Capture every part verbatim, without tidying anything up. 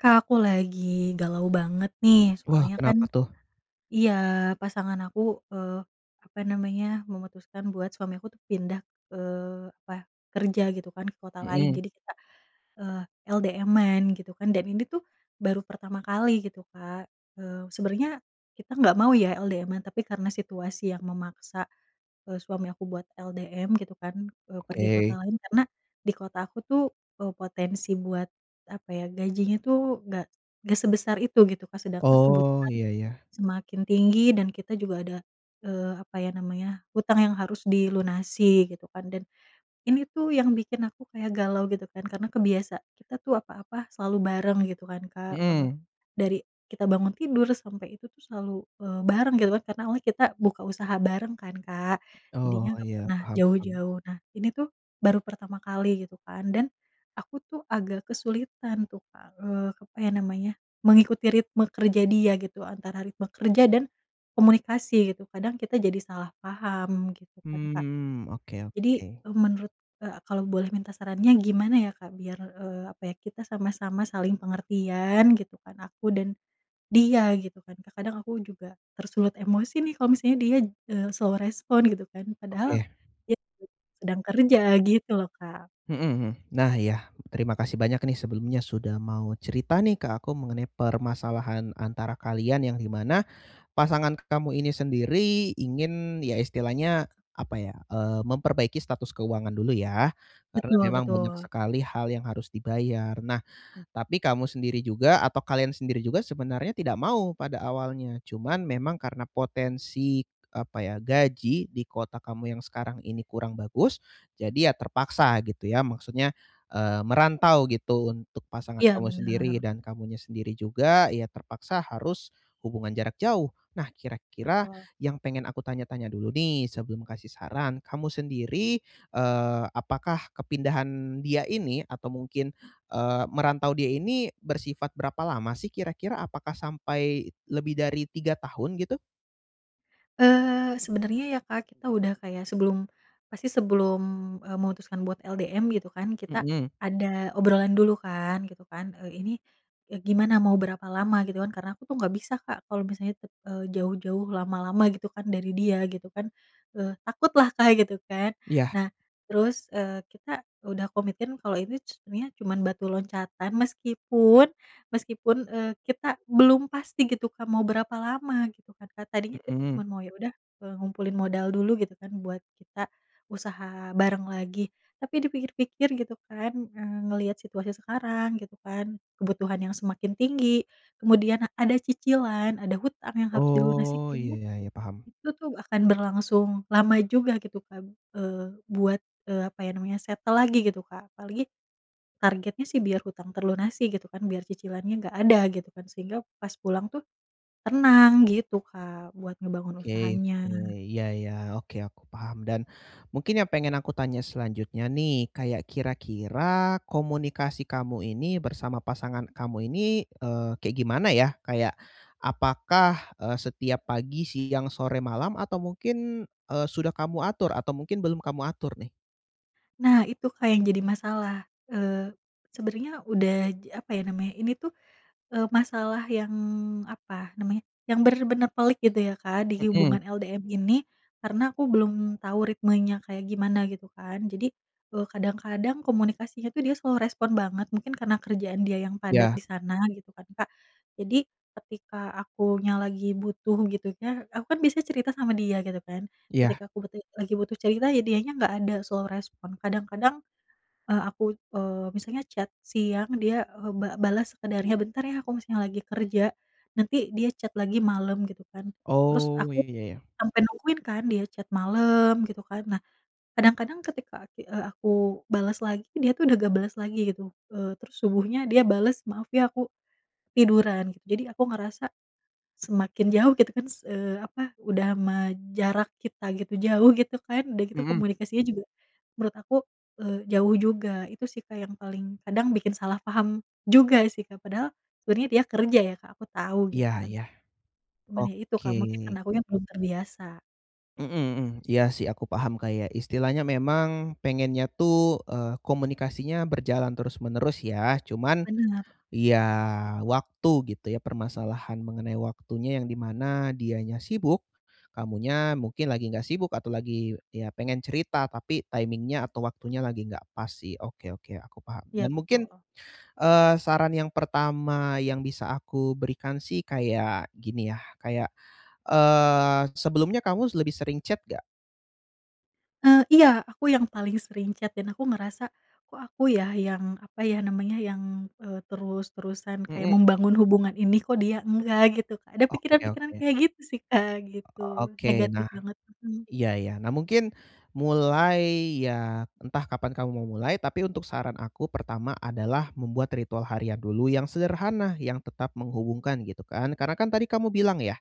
Kak, aku lagi galau banget nih, Wah, soalnya kan kenapa tuh? iya pasangan aku, eee, apa namanya, memutuskan buat suami aku tuh pindah, eee, apa, kerja gitu kan ke kota lain. Hmm. Jadi kita, eee, LDM-an gitu kan, dan ini tuh baru pertama kali gitu Kak. Eee, sebenernya kita nggak mau ya LDM-an, tapi karena situasi yang memaksa, eee, suami aku buat LDM gitu kan, eee, pergi ke kota Oke. lain. Karena di kota aku tuh, eee, potensi buat apa ya, gajinya tuh nggak nggak sebesar itu gitu kan. Sedangkan Oh, kebutuhan iya, ya. semakin tinggi dan kita juga ada, eee, apa ya namanya, utang yang harus dilunasi gitu kan. Dan ini tuh yang bikin aku kayak galau gitu kan, karena kebiasa, kita tuh apa-apa selalu bareng gitu kan Kak, eee, Hmm. dari kita bangun tidur sampai itu tuh selalu, eee, bareng gitu kan. Karena awalnya kita buka usaha bareng kan Kak, Oh, jadinya nggak iya, pernah paham, paham. jauh-jauh. Nah ini tuh baru pertama kali gitu kan, dan aku tuh agak kesulitan tuh Kak, eee, apa ya namanya, mengikuti ritme kerja dia gitu, antara ritme kerja dan komunikasi gitu. Kadang kita jadi salah paham gitu kan Kak. Mmm, oke, Jadi, oke. e menurut, e kalau boleh minta sarannya gimana ya Kak? Biar, eee, apa ya, kita sama-sama saling pengertian gitu kan, aku dan dia gitu kan. Terkadang aku juga tersulut emosi nih kalau misalnya dia, eee, slow response gitu kan. Padahal Oke. dia itu sedang kerja gitu loh Kak. Hmm, hmm, nah iya, terima kasih banyak nih sebelumnya sudah mau cerita nih ke aku mengenai permasalahan antara kalian, yang di mana pasangan kamu ini sendiri ingin, ya istilahnya apa ya, eee, memperbaiki status keuangan dulu ya, karena Betul, memang banyak betul. sekali hal yang harus dibayar. Nah, tapi kamu sendiri juga atau kalian sendiri juga sebenarnya tidak mau pada awalnya. Cuman, memang karena potensi apa ya, gaji di kota kamu yang sekarang ini kurang bagus, jadi ya terpaksa gitu ya. Maksudnya, eee, merantau gitu untuk pasangan Iya, kamu sendiri bener. dan kamunya sendiri juga, ya terpaksa harus hubungan jarak jauh. Nah, kira-kira Betul. yang pengen aku tanya-tanya dulu nih sebelum kasih saran, kamu sendiri, eee, apakah kepindahan dia ini atau mungkin, eee, merantau dia ini bersifat berapa lama sih kira-kira? Apakah sampai lebih dari tiga tahun gitu? Eee, sebenernya ya, Kak, kita udah kayak sebelum pasti sebelum, eee, memutuskan buat LDM gitu kan, kita Mmm. ada obrolan dulu kan, gitu kan, "Eee, ini, eee, gimana mau berapa lama?" Gitu kan. Karena aku tuh nggak bisa, Kak, kalau misalnya, eee, jauh-jauh lama-lama gitu kan dari dia gitu kan. Eee, takutlah, Kak, gitu kan. Iya. Nah, terus, eee, kita udah komitin kalau ini c ininya cuman batu loncatan, meskipun meskipun, eee, kita belum pasti gitu, Kak, mau berapa lama gitu kan, Kak. Tadinya kita Mmm. cuman mau, "Ya udah, eee, ngumpulin modal dulu," gitu kan buat kita usaha bareng lagi. Tapi dipikir-pikir gitu kan, eee, ngelihat situasi sekarang gitu kan, kebutuhan yang semakin tinggi kemudian ada cicilan, ada hutang yang harus dilunasi Oh, iya kayaknya iya iya, paham. itu tuh akan berlangsung lama juga gitu kan, eee, buat, eee, apa ya namanya settle lagi gitu, Kak. Apalagi targetnya sih biar hutang terlunasi gitu kan, biar cicilannya nggak ada gitu kan. Sehingga pas pulang tuh tenang gitu, Kak, buat ngebangun Oke usahanya. oke, iya iya. Oke, aku paham dan mungkin yang pengen aku tanya selanjutnya nih, kayak kira-kira komunikasi kamu ini bersama pasangan kamu ini, eee, kayak gimana ya? Kayak apakah, eee, setiap pagi, siang, sore, malam atau mungkin, eee, sudah kamu atur atau mungkin belum kamu atur nih? Nah itu Kak yang jadi masalah. Eee, sebenarnya udah j apa ya namanya ini tuh, eee, masalah yang, apa namanya, yang benar-benar pelik gitu ya Kak di Hmm. hubungan LDM ini, karena aku belum tahu ritmenya kayak gimana, gitu kan. Jadi, eee, kadang-kadang komunikasinya tuh dia slow respond banget. Mungkin karena kerjaan dia yang padat Ya. di sana, gitu kan Kak, jadi ketika akunya lagi butuh gitu ya, aku kan bisa cerita sama dia, gitu kan. Iya. Ketika aku butuh lagi butuh cerita ya dianya enggak ada, slow respond. Kadang-kadang, eee, aku, eee, misalnya chat siang dia, eee, ba balas sekadarnya, "Bentar ya aku masih lagi kerja," nanti dia chat lagi malem, gitu kan. Terus Oh, aku iya iya. sampai nungguin kan dia chat malem, gitu kan. Nah, kadang-kadang ketika ati eee, aku balas lagi dia tuh udah enggak balas lagi, gitu. Eee, terus subuhnya dia balas, "Maaf ya aku tiduran," gitu jadi aku ngerasa, semakin jauh gitu kan s eee, apa udah mah jarak kita gitu, jauh gitu kan, udah gitu Hmm. komunikasinya juga menurut aku, eee, jauh juga. Itu sih Kak yang paling kadang bikin salah paham juga sih Kak. Padahal, sebenarnya dia kerja ya Kak, aku tahu Iya gitu kan. iya. Cuman ya itu Oke. Kak, mungkin karena akunya belum terbiasa. Heeh heeh. Iya sih aku paham kayak istilahnya memang pengennya tuh, eee, komunikasinya berjalan terus-menerus ya. Cuman Benar. ya, waktu gitu ya permasalahan mengenai waktunya yang dimana dianya sibuk, kamunya mungkin lagi enggak sibuk atau lagi ya pengen cerita tapi timing-nya atau waktunya lagi enggak pas sih. Oke, oke, aku paham. Iya, Dan mungkin betul. eee, saran yang pertama yang bisa aku berikan sih kayak gini ya, kayak eee, sebelumnya kamu lebih sering chat enggak? Eee, iya, aku yang paling sering chat dan aku ngerasa kok aku ya yang apa ya namanya yang eee, terus-terusan kayak Mhm. membangun hubungan ini kok dia enggak gitu Kak, ada Oke, pikiran-pikiran oke. kayak gitu sih Kak gitu, Oke, negatif nah, banget. Mmm. iya, iya. Nah mungkin mulai ya entah kapan kamu mau mulai, tapi untuk saran aku pertama adalah membuat ritual harian dulu yang sederhana, yang tetap menghubungkan gitu kan. Karena kan tadi kamu bilang ya,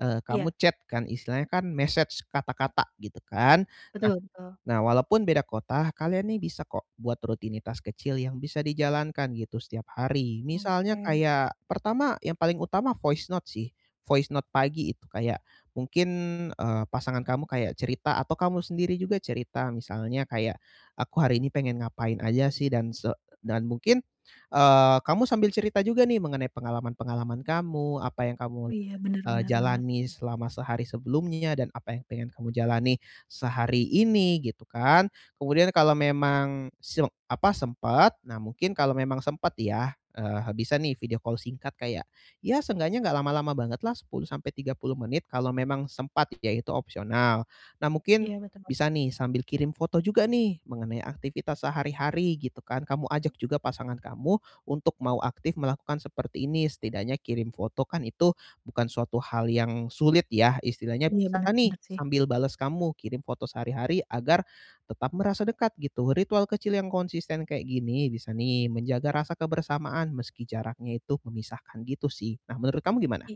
eee, Iya. kamu chat kan istilahnya kan message kata-kata gitu kan. Nah Betul betul. nah, walaupun beda kota, kalian nih bisa kok buat rutinitas kecil yang bisa dijalankan gitu setiap hari. Misalnya Oke. kayak pertama yang paling utama voice note sih, voice note pagi itu kayak mungkin eee, pasangan kamu kayak cerita atau kamu sendiri juga cerita. Misalnya kayak aku hari ini pengen ngapain aja sih dan se dan mungkin eee, kamu sambil cerita juga nih mengenai pengalaman-pengalaman kamu apa yang kamu Oh iya. Bener eee, bener bener. jalani selama sehari sebelumnya dan apa yang pengen kamu jalani sehari ini gitu kan. Kemudian kalau memang se apa, sempat, nah mungkin kalau memang sempet ya, eee, bisa nih video call singkat kayak ya seenggaknya nggak lama-lama banget lah. sepuluh sampai tiga puluh menit. Kalau memang sempat ya, itu opsional. Nah mungkin Iya, betul. bisa nih sambil kirim foto juga nih mengenai aktivitas sehari-hari gitu kan. Kamu ajak juga pasangan kamu untuk mau aktif melakukan seperti ini. Setidaknya kirim foto, kan itu bukan suatu hal yang sulit ya. Istilahnya Iya bisa bener, nih bener sih. sambil bales kamu kirim foto sehari-hari agar tetap merasa dekat gitu. Ritual kecil yang konsisten kaya gini bisa nih menjaga rasa kebersamaan meski jaraknya itu memisahkan gitu sih. Nah menurut kamu gimana? I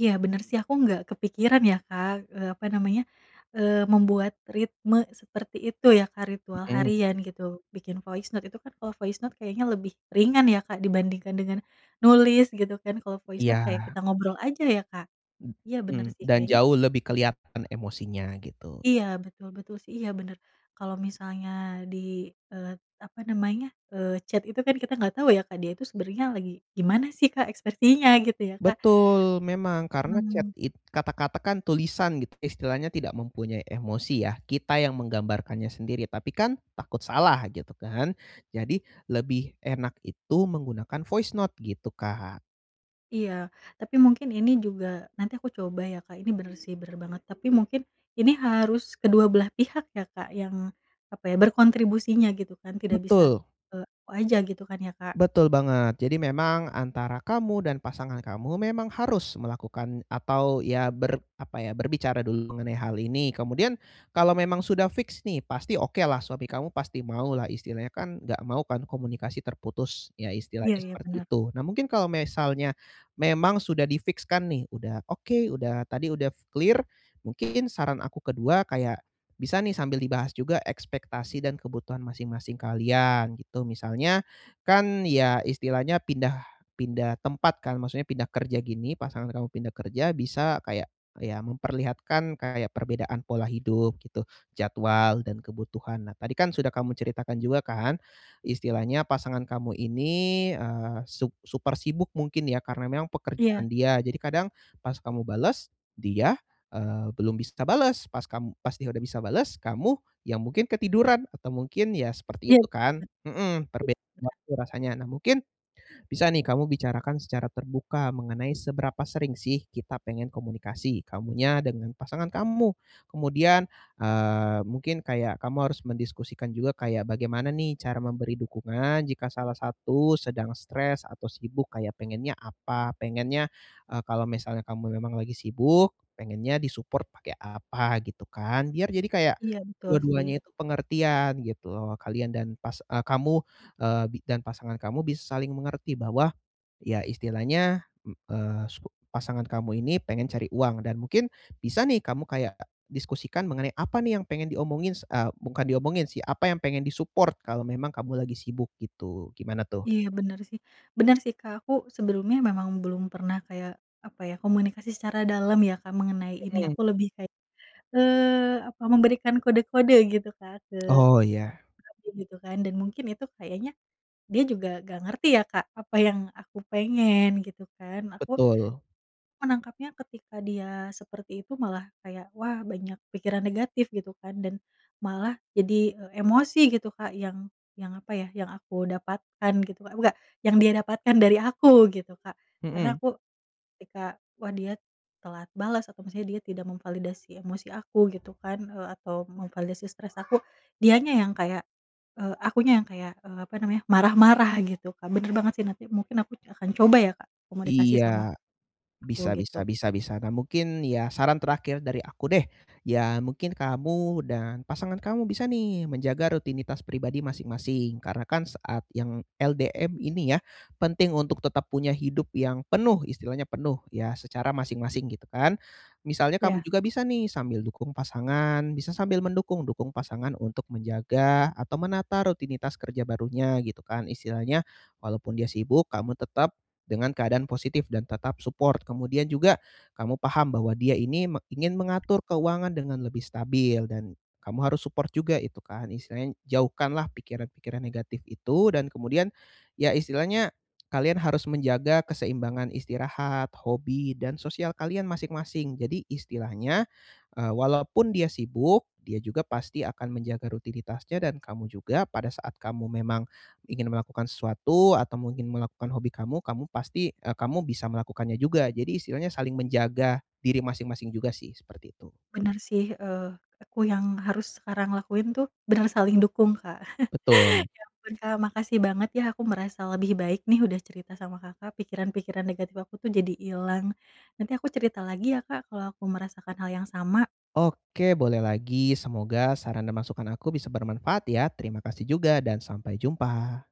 iya bener sih. Aku nggak kepikiran ya Kak, eee, apa namanya, eee, membuat ritme seperti itu ya Kak, ritual Mhm. harian gitu. Bikin voice note itu kan kalau voice note kayaknya lebih ringan ya Kak dibandingkan dengan nulis gitu kan. Kalau voice note kayak Iya. kita ngobrol aja ya Kak. Iya bener Mhm, sih dan kayaknya jauh lebih kelihatan emosinya gitu. Iya betul, betul sih. Iya bener. Kalau misalnya di, eee, apa namanya, eee, chat itu kan kita nggak tahu ya Kak dia itu sebenernya lagi gimana sih Kak ekspresinya gitu ya Kak. Betul, memang, karena chat Mmm. it kata-kata kan tulisan gitu, istilahnya tidak mempunyai emosi ya. Kita yang menggambarkannya sendiri, tapi kan takut salah, gitu kan. Jadi lebih enak itu menggunakan voice note gitu, Kak. Iya. Tapi mungkin ini juga nanti aku coba ya, Kak, ini benar sih, benar banget. Tapi mungkin ini harus kedua belah pihak ya Kak yang, apa ya, berkontribusinya gitu kan, tidak bisa, Betul. eee, aku aja, gitu kan ya, Kak. Betul banget. Jadi memang antara kamu dan pasangan kamu memang harus melakukan atau ya ber apa ya, berbicara dulu mengenai hal ini. Kemudian kalau memang sudah fiks nih, pasti oke lah, suami kamu pasti mau lah, istilahnya kan enggak mau kan komunikasi terputus, ya Iya istilahnya iya, seperti benar. itu. Nah, mungkin kalau misalnya memang sudah di fiks-kan nih, udah oke, udah tadi udah klir, mungkin saran aku kedua kayak bisa nih, sambil dibahas juga ekspektasi dan kebutuhan masing-masing kalian, gitu. Misalnya kan ya, istilahnya pindah pindah tempat kan, maksudnya pindah kerja gini, pasangan kamu pindah kerja, bisa kayak ya memperlihatkan kayak perbedaan pola hidup, gitu, jadwal dan kebutuhan. Nah, tadi kan sudah kamu ceritakan juga kan, istilahnya pasangan kamu ini, eee, su super sibuk, mungkin ya, karena memang Iya. pekerjaan dia. Jadi kadang, pas kamu bales, dia, eee, belum bisa bales, pas kamu pas dia udah bisa bales, kamu yang mungkin ketiduran atau mungkin ya, Iya, seperti itu kan. ben Mhm, perbedaan waktu rasanya. Nah, mungkin, bisa nih kamu bicarakan secara terbuka mengenai seberapa sering sih kita pengen komunikasi, kamunya dengan pasangan kamu. Kemudian, eee, mungkin kayak kamu harus mendiskusikan juga kayak bagaimana nih, cara memberi dukungan jika salah satu sedang stres atau sibuk, kayak pengennya apa, pengennya, eee, kalau misalnya kamu lagi sibuk, pengennya di-support pakai apa, gitu kan. Biar jadi kayak Iya, betul sih. dua-duanya itu pengertian, gitu loh. Kalian dan pas a kamu, eee, bi dan pasangan kamu bisa saling mengerti bahwa, ya istilahnya, m eee, subo pasangan kamu ini pengen cari uang dan mungkin bisa nih, kamu kayak diskusikan mengenai apa nih yang pengen diomongin, s e bukan diomongin sih, apa yang pengen di-support kalau memang kamu lagi sibuk, gitu. Gimana, tuh? Iya, benar sih. Benar sih Kak, aku sebelumnya memang belum pernah kayak, apa ya, komunikasi secara dalem ya, Kak, mengenai ini Hmm. aku lebih kayak, eee, apa, memberikan kode-kode gitu Kak, ke Oh, iya. suami, gitu kan. Dan mungkin itu kayaknya dia juga enggak ngerti ya, Kak, apa yang aku pengen, gitu kan. Aku Betul. menangkapnya ketika dia seperti itu malah kayak, "wah, banyak pikiran negatif" gitu kan. Dan malah jadi, e emosi, gitu Kak, yang yang apa ya, yang aku dapatkan gitu, eh, buka yang dia dapatkan dari aku, gitu Kak. Karena Mhm. aku ketika, wah, dia telat bales atau maksudnya dia tidak memvalidasi emosi aku, gitu kan, eee, atau memvalidasi stres aku, dianya yang kayak, eee, akunya yang kayak, eee, apa namanya, marah-marah, gitu, Kak. Benar banget sih, nanti mungkin aku akan coba ya, Kak, komunikasi sama, Iya, u bisa gitu. bisa bisa bisa. Nah, mungkin ya saran terakhir dari aku deh, ya mungkin kamu dan pasangan kamu bisa nih menjaga rutinitas pribadi masing-masing. Karena kan saat yang LDM ini ya, penting untuk tetap punya hidup yang penuh, istilahnya penuh, ya secara masing-masing, gitu kan. Misalnya kamu Ya. juga bisa nih, sambil dukung pasangan bisa sambil mendukung, dukung pasangan untuk menjaga atau menata rutinitas kerja barunya, gitu kan. Istilahnya walaupun dia sibuk, kamu tetap dengan keadaan positif dan tetap support. Kemudian juga kamu paham bahwa dia ini me ingin mengatur keuangan dengan lebih stabil dan kamu harus support juga itu kan istilahnya, jauhkanlah pikiran-pikiran negatif itu dan kemudian, ya istilahnya, kalian harus menjaga keseimbangan istirahat, hobi dan sosial kalian masing-masing. Jadi istilahnya, eee, walaupun dia sibuk, dia juga pasti akan menjaga rutinitasnya dan kamu juga pada saat kamu memang ingin melakukan sesuatu atau mungkin melakukan hobi kamu, kamu pasti, eee, kamu bisa melakukannya juga. Jadi istilahnya saling menjaga diri masing-masing juga sih, seperti itu. Benar sih, eee, aku yang harus sekarang lakuin tuh benar saling dukung, Kak. Betul. Ya ampun, Kak, makasih banget, ya. Aku merasa lebih baik nih udah cerita sama Kakak, pikiran-pikiran negatif, aku tuh jadi hilang. Nanti aku cerita lagi ya, Kak, kalau aku merasakan hal yang sama. Oke, boleh lagi, semoga saran dan masukan aku bisa bermanfaat ya. Terima kasih juga dan sampai jumpa.